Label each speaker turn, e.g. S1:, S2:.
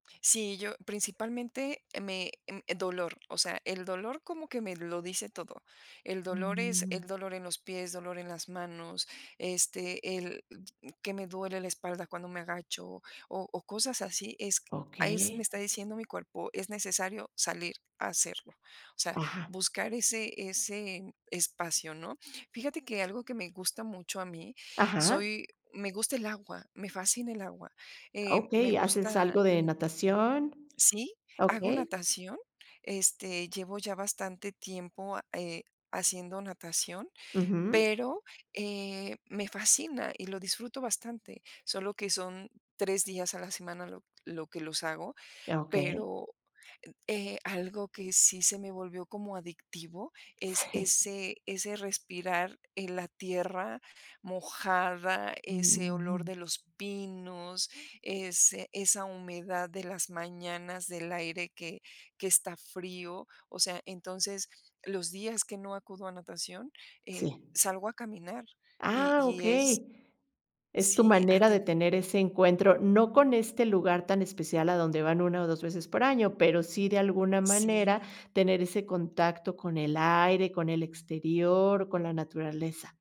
S1: Sí, yo principalmente, me mm, dolor. O sea, el dolor como que me lo dice todo. El dolor es
S2: Mm.
S1: el dolor en los pies, dolor en las manos, este, el mm, que me duele la espalda cuando me agacho, o o, cosas así, es ahí sí me
S2: Okey.
S1: está diciendo mi cuerpo, es necesario salir a hacerlo, o sea,
S2: Ajá.
S1: buscar ese ese espacio, ¿no? Fíjate que, algo que me gusta mucho a mí,
S2: Ajá.
S1: soy me gusta el agua, me fascina el agua, eh, me
S2: Okey, haces
S1: gusta,
S2: algo de
S1: mm
S2: natación.
S1: Sí, hago
S2: Okey.
S1: natación, este, llevo ya bastante tiempo a eh, haciendo natación,
S2: Ujú.
S1: pero, eh, me fascina y lo disfruto bastante, solo que son 3 días a la semana, lo lo que los hago,
S2: Ah, okey.
S1: pero en eh, algo que sí se me volvió como adictivo, es
S2: Sí.
S1: ese ese respirar en la tierra mojada, ese olor
S2: Ujú.
S1: de los pinos, ese esa humedad de las mañanas, del aire que que está frío, o sea, entonces, los días que no acudo a natación, eh,
S2: Sí.
S1: salgo a caminar, y
S2: Ah,
S1: y es
S2: okey, es tu
S1: Sí, eh,
S2: manera de
S1: aten
S2: tener ese encuentro, no con este lugar tan especial a donde van 1, o, 2 veces por año, pero sí, de alguna manera
S1: Sí.
S2: tener ese contacto con el aire, con el exterior, con la naturaleza.